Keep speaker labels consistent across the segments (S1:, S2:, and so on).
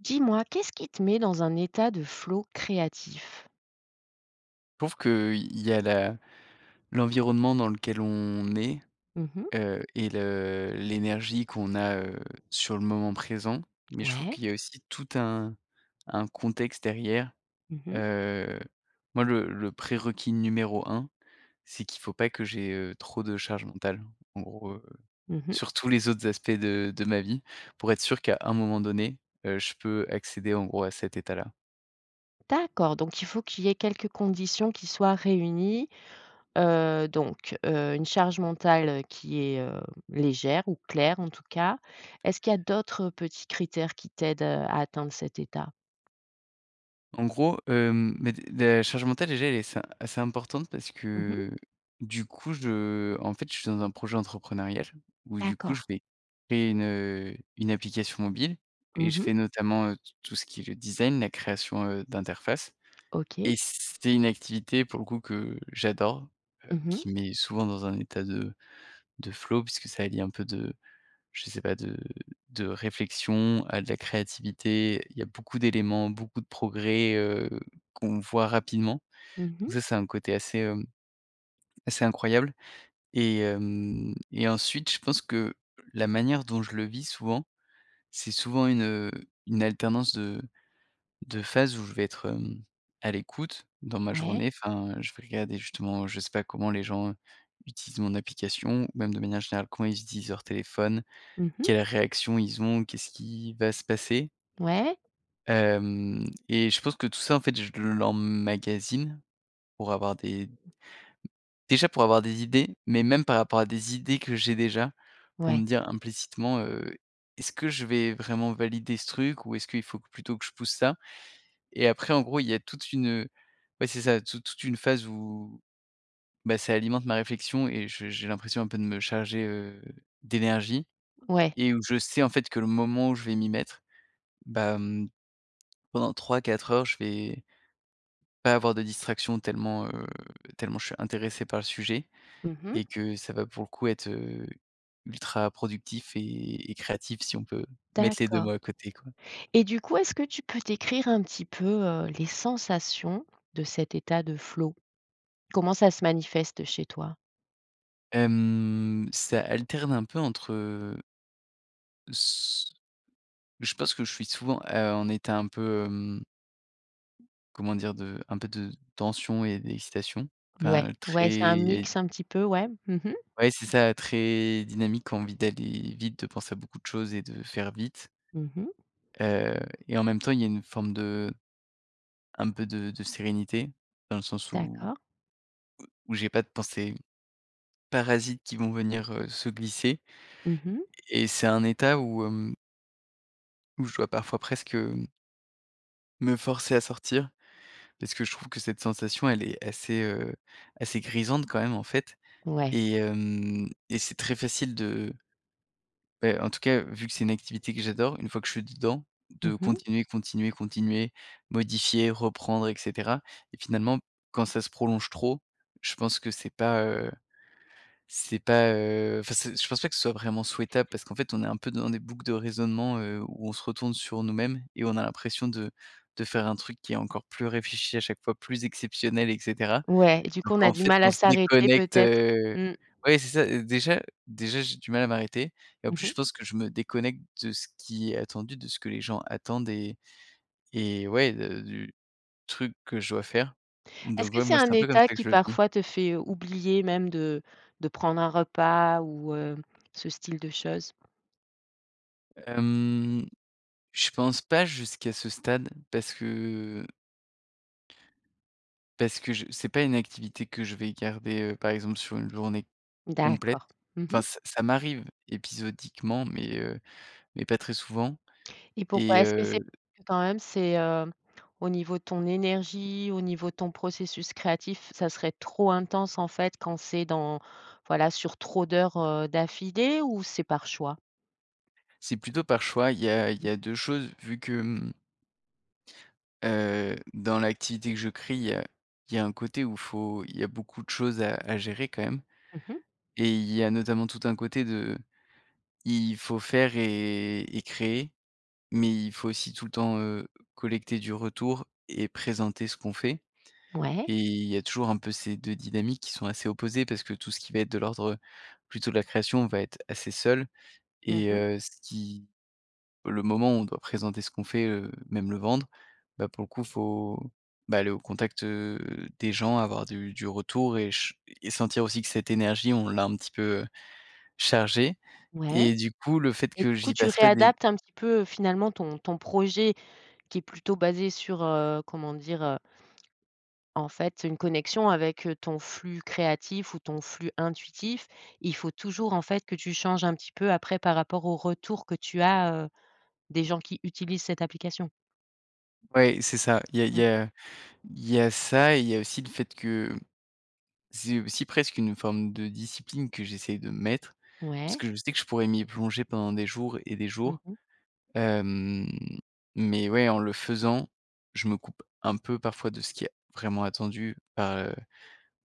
S1: Dis-moi, qu'est-ce qui te met dans un état de flow créatif?
S2: Je trouve que, heu, il y a la l'environnement dans lequel on est,
S1: Mmh mh.
S2: heu et le l'énergie qu'on a, heu, sur le moment présent mais je trouve
S1: Ouais.
S2: qu'il y a aussi tout un un contexte derrière,
S1: Mmh mh.
S2: heu, moi le le prérequis numéro 1, c'est qu'il faut pas que j'ai, heu, trop de charge mentale, en gros, heu,
S1: Mmh mh.
S2: sur tous les autres aspects de de ma vie, pour être sûr qu'à un moment donné, heu, je peux accéder, en gros, à cet état-là.
S1: D'accord donc il faut qu'il y ait quelques conditions qui soient réunies, heu, donc heu, une charge mentale qui est, heu, légère ou claire en tout cas. Est-ce qu'il y a d'autres petits critères qui t'aident, heu, à atteindre cet état?
S2: En gros, hem, mais des la charge mentale, déjà, elle est assez assez importante parce
S1: Mmh mh.
S2: que, heu, du coup, je, heu, en fait, je suis dans un projet entrepreneurial où du coup je
S1: D'accord.
S2: vais créer une, heu, une application mobile et
S1: Mmh
S2: je
S1: mh.
S2: fais notamment, heu, t tout ce qui est le design, la création, heu, d'interface et
S1: OK.
S2: c'est une activité pour le coup que j'adore, heu,
S1: Mmh mh.
S2: qui me met souvent dans un état de de flow puisque ça allie un peu de je sais pas de de réflexion à de la créativité. Il y a beaucoup d'éléments, beaucoup de progrès, heu, qu'on voit rapidement,
S1: Mmh
S2: donc
S1: mh.
S2: ça, c'est un côté assez, hem, assez incroyable et hem et ensuite je pense que la manière dont je le vis souvent, c'est souvent une, heu, une alternance de de phases où je vais être, hem, à l'écoute dans ma
S1: Ouais.
S2: journée enfin, je vais regarder justement je sais pas, comment les gens utilisent mon application ou même de manière générale comment ils utilisent leur téléphone,
S1: Mmh mh.
S2: quelles réactions ils ont, qu'est-ce qui va se passer
S1: Ouais.
S2: hem et je pense que tout ça, en fait, je l'emmagasine pour avoir des déjà, pour avoir des idées, mais même par rapport à des idées que j'ai déjà, pour me
S1: Ouais.
S2: dire, implicitement, heu, est-ce que je vais vraiment valider ce truc ou est-ce qu'il faut plutôt que je pousse ça? Et après en gros il y a toute une ouais c'est ça toute toute une phase où, bah, ça alimente ma réflexion et j j'ai l'impression un peu de me charger, heu, d'énergie
S1: Ouais.
S2: et où je sais, en fait, que le moment où je vais m'y mettre, bah, mmh, pendant 3-4 heures, je vais pas avoir de distraction tellement, heu, tellement je suis intéressé par le sujet
S1: Mmh
S2: et
S1: mh.
S2: que ça va pour le coup être, heu, ultra-productif et et créatif si on peut mettre les 2 mots
S1: D'accord.
S2: à côté, quoi.
S1: Et du coup est-ce que tu peux décrire un petit peu, heu, les sensations de cet état de flow? Comment ça se manifeste chez toi?
S2: Hem, ça alterne un peu entre, heu s je pense que je suis souvent, heu, en état un peu, hem comment dire? De un peu de tension et d'excitation,
S1: Ouais.
S2: enfin
S1: Ouais, c'est un
S2: très
S1: mix un petit peu, ouais. Mmh mh.
S2: ouais, c'est ça, très dynamique, envie d'aller vite, de penser à beaucoup de choses et de faire vite
S1: Mmh mh.
S2: heu et en même temps il y a une forme de un peu de de sérénité dans le sens où
S1: D'accord.
S2: où j'ai pas de pensées parasites qui vont venir, heu, se glisser
S1: Mmh mh.
S2: et c'est un état où, hem où je dois parfois presque, hem me forcer à sortir parce que je trouve que cette sensation elle est assez, heu, assez grisante quand même en fait
S1: Ouais.
S2: et hem, et c'est très facile de bah, en tout cas vu que c'est une activité que j'adore, une fois que je suis dedans
S1: Mmh
S2: de
S1: mh.
S2: continuer, continuer, continuer, modifier, reprendre et cetera et finalement, quand ça se prolonge trop, je pense que c'est pas, heu, c'est pas, heu, enfin, c'est je pense pas que ce soit vraiment souhaitable parce qu'en fait, on est un peu dans des boucles de raisonnement, heu, où on se retourne sur nous-mêmes et on a l'impression de de faire un truc qui est encore plus réfléchi à chaque fois, plus exceptionnel et cetera
S1: Ouais, du coup,
S2: donc,
S1: on a
S2: en
S1: du
S2: fait,
S1: mal
S2: on
S1: à
S2: se
S1: s'arrêter
S2: déconnecte,
S1: peut-être,
S2: heu
S1: mmh?
S2: ouais, c'est ça, heu, déjà déjà j'ai du mal à m'arrêter et en
S1: Mmh
S2: plus
S1: mh.
S2: je pense que je me déconnecte de ce qui est attendu, de ce que les gens attendent et et ouais de du truc que je dois faire,
S1: Est-ce
S2: donc
S1: que
S2: voilà,
S1: c'est
S2: moi,
S1: un
S2: c'est un peu comme
S1: état
S2: ça que
S1: qui
S2: je le vis.
S1: parfois te fait oublier même de de prendre un repas ou, heu, ce style de choses?
S2: Hem, je pense pas, jusqu'à ce stade, parce que parce que je c'est pas une activité que je vais garder, heu, par exemple sur une journée complète.
S1: D'accord, mmh mh.
S2: Enfin c ça m'arrive épisodiquement, mais heu, mais pas très souvent,
S1: Et pourquoi?
S2: et
S1: Est-ce que
S2: heu
S1: c'est quand même c'est, heu, au niveau de ton énergie, au niveau de ton processus créatif, ça serait trop intense en fait quand c'est dans voilà sur trop d'heures, heu, d'affilée ou c'est par choix?
S2: C'est plutôt par choix, il y a il y a 2 choses, vu que mmh heu, dans l'activité que je crie, heu, il y a un côté où il faut il y a beaucoup de choses à à gérer quand même,
S1: Mmh mh.
S2: et il y a notamment tout un côté de il faut faire et et créer, mais il faut aussi tout le temps, heu, collecter du retour et présenter ce qu'on fait.
S1: Ouais.
S2: Et il y a toujours un peu ces 2 dynamiques qui sont assez opposées parce que tout ce qui va être de l'ordre, heu, plutôt de la création va être assez seul
S1: Mmh
S2: et
S1: mh.
S2: heu, ce qui le moment où on doit présenter ce qu'on fait, heu, même le vendre, bah pour le coup faut, bah aller au contact, heu, des gens avoir du du retour et ch et sentir aussi que cette énergie on l'a un petit peu, heu, chargée
S1: Ouais.
S2: et du coup le fait
S1: Et
S2: que
S1: du coup
S2: j'y
S1: tu
S2: passe pas mes
S1: réadaptes un petit peu finalement ton ton projet qui est plutôt basé sur, heu, comment dire? Heu en fait une connexion avec, heu, ton flux créatif ou ton flux intuitif. Il faut toujours en fait que tu changes un petit peu après par rapport au retour que tu as, heu, des gens qui utilisent cette application.
S2: Ouais, c'est ça, il y a il
S1: Mmh.
S2: y a il y a ça et il y a aussi le fait que c'est aussi presque une forme de discipline que j'essaie de me mettre parce
S1: Ouais.
S2: que je sais que je pourrais m'y plonger pendant des jours et des
S1: Mmh
S2: jours,
S1: mh.
S2: hem, mais ouais, en le faisant, je me coupe un peu parfois de ce qui est vraiment attendu par, heu,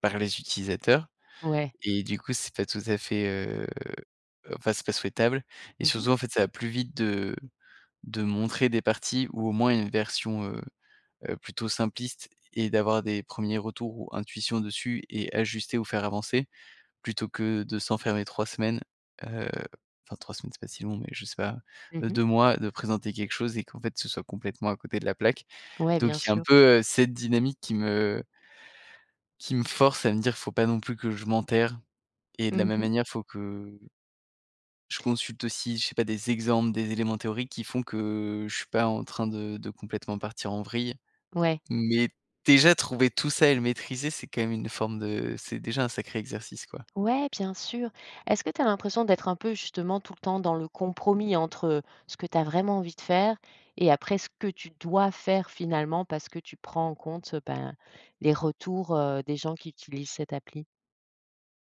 S2: par les utilisateurs
S1: Ouais.
S2: et du coup c'est pas tout à fait, heu, enfin, c'est pas souhaitable et
S1: Mmh
S2: surtout,
S1: mh.
S2: en fait, ça va plus vite de de montrer des parties ou au moins une version, heu heu, plutôt simpliste et d'avoir des 1ers retours ou intuitions dessus et ajuster ou faire avancer, plutôt que de s'enfermer 3 semaines, heu, enfin 3 semaines, c'est pas si long mais je sais pas,
S1: Mmh
S2: heu,
S1: mh.
S2: 2 mois de présenter quelque chose et qu'en fait ce soit complètement à côté de la plaque,
S1: Ouais,
S2: donc
S1: bien
S2: il y a un
S1: sur.
S2: peu, heu, cette dynamique qui me qui me force à me dire: «Il faut pas non plus que je m'enterre» et de la
S1: Mmh
S2: même
S1: mh.
S2: manière il faut que je consulte aussi, je sais pas, des exemples, des éléments théoriques qui font que je suis pas en train de de complètement partir en vrille
S1: Ouais.
S2: mais déjà trouver tout ça et le maîtriser c'est quand même une forme de c'est déjà un sacré exercice, quoi.
S1: Ouais, bien sûr. Est-ce que tu as l'impression d'être un peu justement tout le temps dans le compromis entre, heu, ce que tu as vraiment envie de faire et après ce que tu dois faire, finalement, parce que tu prends en compte, ben, les retours, heu, des gens qui utilisent cette appli?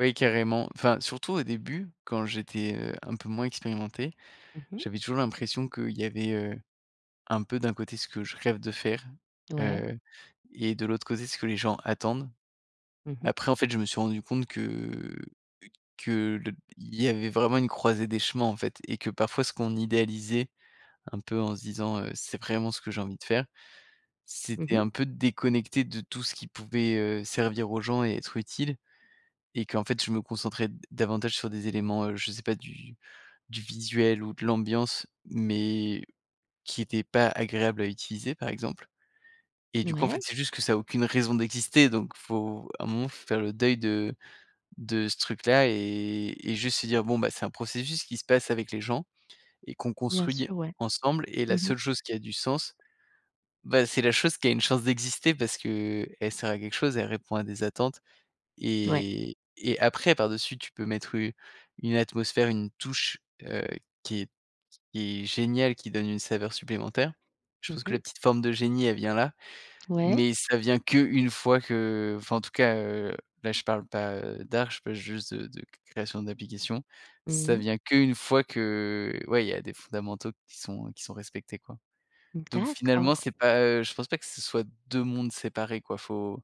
S2: Oui, carrément, enfin, surtout au début, quand j'étais, heu, un peu moins expérimenté,
S1: Mmh mh.
S2: j'avais toujours l'impression qu'il y avait, heu, un peu, d'un côté, ce que je rêve de faire,
S1: Ouais.
S2: heu et de l'autre côté, ce que les gens attendent.
S1: Mmh mh.
S2: Après, en fait, je me suis rendu compte que que le il y avait vraiment une croisée des chemins, en fait et que parfois, ce qu'on idéalisait, un peu, en se disant, heu: «C'est vraiment ce que j'ai envie de faire»,
S1: Mmh
S2: c'était
S1: mh.
S2: un peu déconnecté de tout ce qui pouvait, heu, servir aux gens et être utile et qu'en fait, je me concentrais d davantage sur des éléments, heu, je sais pas, du du visuel ou de l'ambiance mais qui étaient pas agréables à utiliser, par exemple et du coup, en fait,
S1: Ouais.
S2: c'est juste que ça a aucune raison d'exister, donc il faut, à un moment, il faut faire le deuil de de ce truc-là et et juste se dire: «Bon, bah, c'est un processus qui se passe avec les gens et qu'on
S1: Bien
S2: construit
S1: sûr, ouais.
S2: ensemble» et la
S1: Mmh mh.
S2: seule chose qui a du sens, bah, c'est la chose qui a une chance d'exister parce qu'elle sert à quelque chose, elle répond à des attentes.
S1: Ouais.
S2: Et et après, par dessus, tu peux mettre une une atmosphère, une touche, heu, qui est qui est géniale, qui donne une saveur supplémentaire. Je
S1: Mmh
S2: pense que la
S1: mh.
S2: petite forme de génie, elle vient là,
S1: Ouais.
S2: mais ça vient qu'une fois que, enfin, en tout cas, heu, là, je parle pas, heu, d'art, je parle juste de de création d'application,
S1: Mmh
S2: ça
S1: mh.
S2: vient qu'une fois que, ouais, il y a des fondamentaux qui sont qui sont respectés, quoi, donc finalement,
S1: D'accord.
S2: c'est pas, heu, je pense pas que ce soit 2 mondes séparés, quoi, faut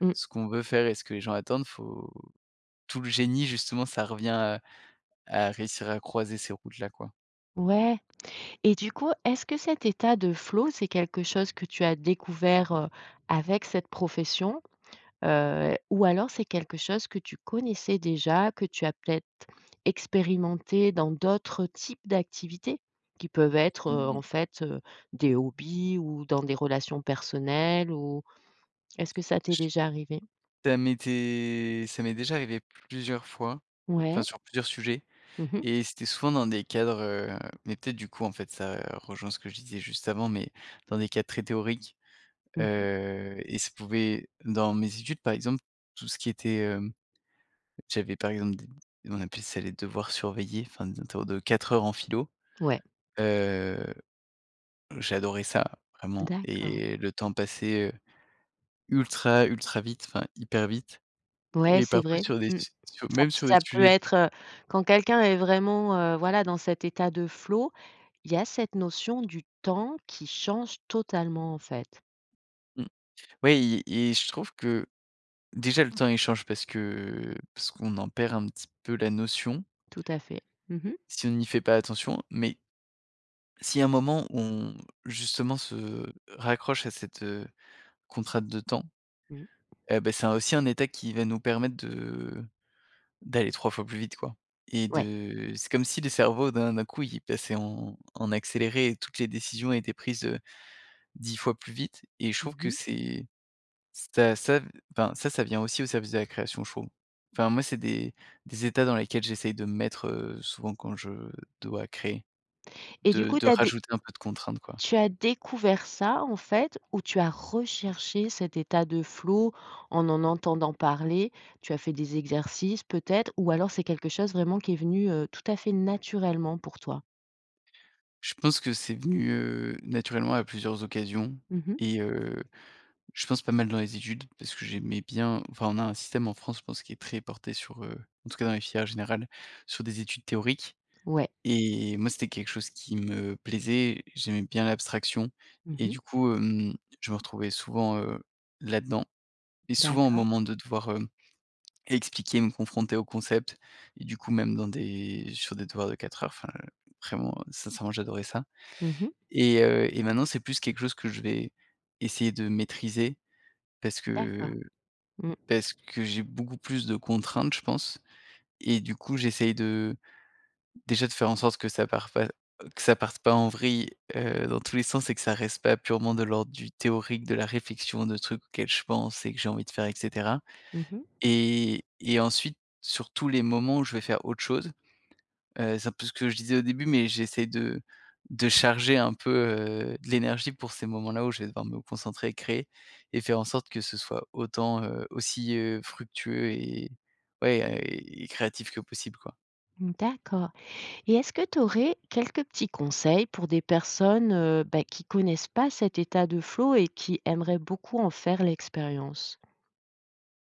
S1: Mmh.
S2: ce qu'on veut faire et ce que les gens attendent, faut tout le génie, justement, ça revient à à réussir à croiser ces routes-là, quoi.
S1: Ouais. Et du coup, est-ce que cet état de flow, c'est quelque chose que tu as découvert, heu, avec cette profession, heu, ou alors c'est quelque chose que tu connaissais déjà, que tu as peut-être expérimenté dans d'autres types d'activités qui peuvent être, heu,
S2: Mmh
S1: en
S2: mh.
S1: fait, heu, des hobbies ou dans des relations personnelles ou est-ce que ça t'est déjà arrivé?
S2: Ça m'était ça m'est déjà arrivé plusieurs fois, enfin,
S1: Ouais.
S2: sur plusieurs sujets
S1: Mmh mh.
S2: et c'était souvent dans des cadres, heu, mais peut-être, du coup, en fait, ça rejoint ce que je disais juste avant, mais dans des cas très théoriques,
S1: Mmh mh.
S2: heu et ça pouvait dans mes études, par exemple, tout ce qui était, hem, j'avais, par exemple, des nous on appelait ça les devoirs surveillés, enfin, des interros de 4 heures en philo,
S1: Ouais.
S2: heu, j'adorais ça, vraiment
S1: D'accord.
S2: et le temps passait, heu, ultra, ultra vite, enfin, hyper vite
S1: Ouais,
S2: et
S1: c'est
S2: parfois
S1: vrai,
S2: sur des
S1: mmh.
S2: s
S1: Ça,
S2: même sur des
S1: ça peut
S2: sujets
S1: être, heu, quand quelqu'un est vraiment, heu, voilà, dans cet état de flow, il y a cette notion du temps qui change totalement, en fait.
S2: Mmh. Ouais et et je trouve que déjà, le temps il change parce que parce qu'on en perd un petit peu la notion
S1: Tout à fait. Mmh mh.
S2: si on n'y fait pas attention, mais si à un moment on, justement, se raccroche à cette, heu, contrainte de temps,
S1: Mmh.
S2: eh ben, c'est un aussi un état qui va nous permettre de d'aller 3 fois plus vite, quoi et
S1: Ouais.
S2: de c'est comme si le cerveau d'un d'un coup, il passait en en accéléré et toutes les décisions étaient prises, heu, 10 fois plus vite et je
S1: Mmh
S2: trouve que
S1: mh.
S2: c'est ça ça v enfin, ça, ça vient aussi au service de la création, je trouve, enfin, moi, c'est des des états dans lesquels j'essaie de me mettre, heu, souvent quand je dois créer,
S1: Et du
S2: de
S1: coup
S2: de
S1: tu as dé
S2: rajouter un peu de contraintes, quoi.
S1: tu as découvert ça en fait ou tu as recherché cet état de flow en en entendant parler? Tu as fait des exercices peut-être ou alors c'est quelque chose vraiment qui est venu, heu, tout à fait naturellement pour toi?
S2: Je pense que c'est venu, heu, naturellement, à plusieurs occasions
S1: Mmh mh.
S2: et heu, je pense pas mal dans les études parce que j'aimais bien, enfin, on a un système en France je pense qui très porté sur, heu, en tout cas dans les filières générales sur des études théoriques
S1: Ouais.
S2: et moi, c'était quelque chose qui me plaisait, j'aimais bien l'abstraction
S1: Mmh
S2: et
S1: mh.
S2: du coup, hem, je me retrouvais souvent, heu, là-dedans et souvent au
S1: D'accord.
S2: moment de devoir, hem, expliquer, me confronter au concept et du coup même dans des sur des devoirs de 4 heures, enfin, heu, vraiment, heu, sincèrement j'adorais ça
S1: Mmh mh.
S2: et heu et maintenant c'est plus quelque chose que je vais, essayer de maîtriser parce
S1: D'accord.
S2: que
S1: Mmh.
S2: parce que j'ai beaucoup plus de contraintes, je pense et du coup, j'essaie de, déjà, de faire en sorte que ça parte pas que ça parte pas en vrille, heu, dans tous les sens et que ça reste pas purement de l'ordre du théorique, de la réflexion, de trucs auxquels je pense et que j'ai envie de faire et cetera
S1: Mmh mh.
S2: et et ensuite sur tous les moments où je vais faire autre chose, heu, c'est un peu ce que je disais au début mais j'essaie de de charger un peu, heu, de l'énergie pour ces moments-là où je vais devoir me concentrer et créer et faire en sorte que ce soit autant, heu aussi, heu, fructueux et ouais et et créatif que possible quoi.
S1: Mmh d'accord et est-ce que tu aurais quelques petits conseils pour des personnes, heu, beh, qui connaissent pas cet état de flow et qui aimeraient beaucoup en faire l'expérience?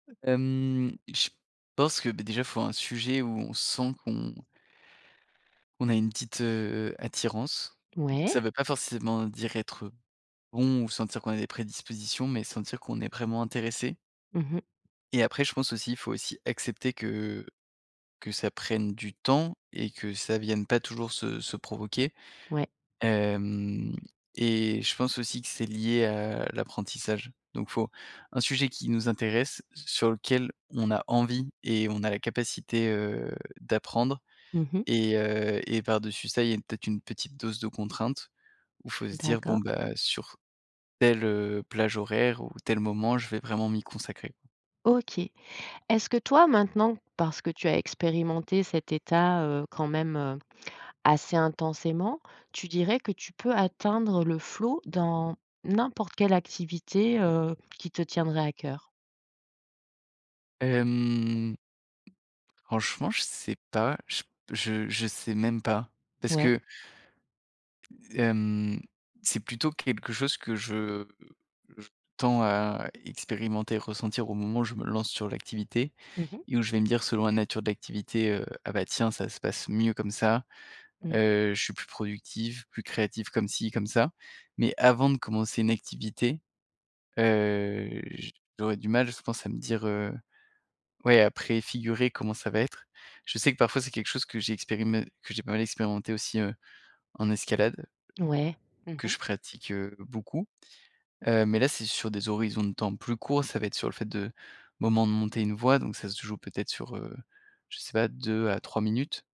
S2: Heu, hem, je pense que, bah, déjà, il faut un sujet où on sent qu'on qu’on a une petite, heu, attirance.
S1: Ouais.
S2: Ça veut pas forcément dire être bon ou sentir qu'on a des prédispositions mais sentir qu'on est vraiment intéressé
S1: Mmh mh.
S2: et, après, je pense aussi, il faut, aussi, accepter que, heu, que ça prenne du temps et que ça vienne pas toujours se se provoquer,
S1: Ouais.
S2: hem et je pense aussi que c'est lié à l'apprentissage, donc faut, un sujet qui nous intéresse, sur lequel on a envie et on a la capacité, heu, d'apprendre
S1: Mmh mh.
S2: et heu, et par-dessus ça il y a, peut-être, une petite dose de contraintes où faut se dire: «Bon,
S1: D’accord.
S2: bah, sur telle, heu, plage horaire ou tel moment je vais vraiment m'y consacrer».
S1: OK. Est-ce que toi, maintenant, parce que tu as expérimenté cet état, heu, quand même, heu, assez intensément, tu dirais que tu peux atteindre le flow dans n'importe quelle activité, heu, qui te tiendrait à cœur?
S2: Hem, franchement, je sais pas, je p je sais même pas parce
S1: Ouais.
S2: que hem, c'est plutôt quelque chose que je, heu, je tends à expérimenter, ressentir au moment où je me lance sur l'activité
S1: Mmh mh.
S2: et où je vais me dire, selon la nature de l'activité, heu: «Ah, bah, tiens, ça se passe mieux comme ça,
S1: Mmh.
S2: heu, je suis plus productif, plus créatif comme ci, comme ça» mais avant de commencer une activité, heu, j'aurais du mal, je pense, à me dire, heu, ouais à préfigurer comment ça va être. Je sais que parfois c'est quelque chose que j'ai expérimenté que j'ai pas mal expérimenté aussi, heu, en escalade
S1: Ouais. Mmh
S2: que
S1: mh.
S2: je pratique, heu, beaucoup, heu, mais là, c'est sur des horizons de temps plus courts. Ça va être sur le fait de moment de monter une voie, donc ça se joue peut-être sur, heu, je sais pas 2 à 3 minutes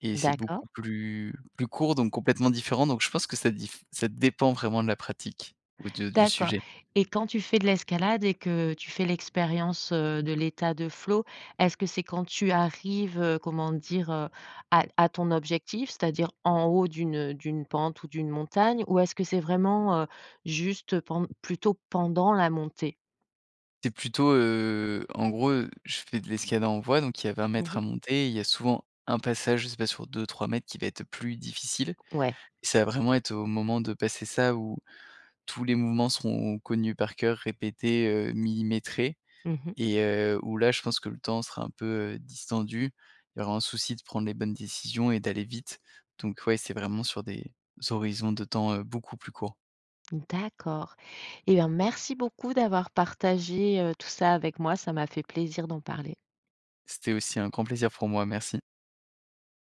S2: et c'est
S1: D'accord.
S2: beaucoup plus plus court donc complètement différent, donc je pense que ça diff ça dépend vraiment de la pratique ou de du
S1: D'accord
S2: sujet.
S1: et quand tu fais de l'escalade et que tu fais l'expérience, heu, de l'état de flow, est-ce que c'est quand tu arrives, heu, comment dire, heu, à à ton objectif, c'est-à-dire en haut d'une, heu, d'une pente ou d'une montagne ou est-ce que c'est vraiment, heu, juste, heu, pend plutôt pendant la montée?
S2: C'est plutôt, heu, en gros, heu, je fais de l'escalade en voie, donc il y a 20
S1: Mmh
S2: mètres
S1: mh.
S2: à monter et il y a souvent un passage, je sais pas, sur 2-3 mètres qui va être, heu, plus difficile.
S1: Ouais.
S2: Ça va vraiment être au moment de passer ça où tous les mouvements seront connus par cœur, répétés, heu, millimétrés
S1: Mmh mh.
S2: et, heu, où là, je pense que le temps sera un peu, heu, distendu. Il y aura un souci de prendre les bonnes décisions et d'aller vite, donc ouais, c'est vraiment sur des horizons de temps, heu, beaucoup plus courts.
S1: Mmh d'accord. Eh ben, merci beaucoup d'avoir partagé, heu, tout ça avec moi. Ça m'a fait plaisir d'en parler.
S2: C'était aussi un grand plaisir pour moi. Merci.